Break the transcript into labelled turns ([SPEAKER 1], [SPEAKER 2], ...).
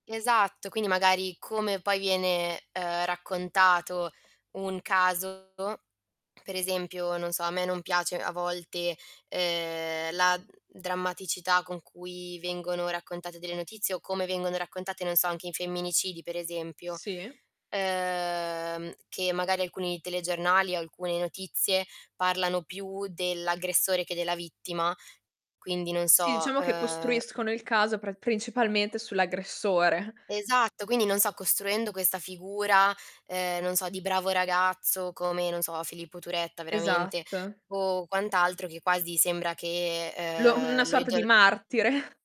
[SPEAKER 1] Esatto, quindi magari come poi viene, ehm, raccontato un caso, per esempio, non so, a me non piace a volte, ehm, la, mhmm, drammaticità con cui vengono raccontate delle notizie o come vengono raccontate, non so, anche in femminicidi per esempio,
[SPEAKER 2] Sì.
[SPEAKER 1] ehm, che magari alcuni telegiornali o alcune notizie parlano più dell'aggressore che della vittima, quindi non
[SPEAKER 2] Sì,
[SPEAKER 1] so,
[SPEAKER 2] diciamo che
[SPEAKER 1] ehm
[SPEAKER 2] costruiscono il caso pra principalmente sull'aggressore.
[SPEAKER 1] Esatto, quindi, non so, costruendo questa figura, ehm, non so di bravo ragazzo come, non so, Filippo Turetta veramente
[SPEAKER 2] Esatto.
[SPEAKER 1] o quant'altro che quasi sembra che,
[SPEAKER 2] Lo una
[SPEAKER 1] ehm, lo
[SPEAKER 2] sorta di
[SPEAKER 1] idol
[SPEAKER 2] martire.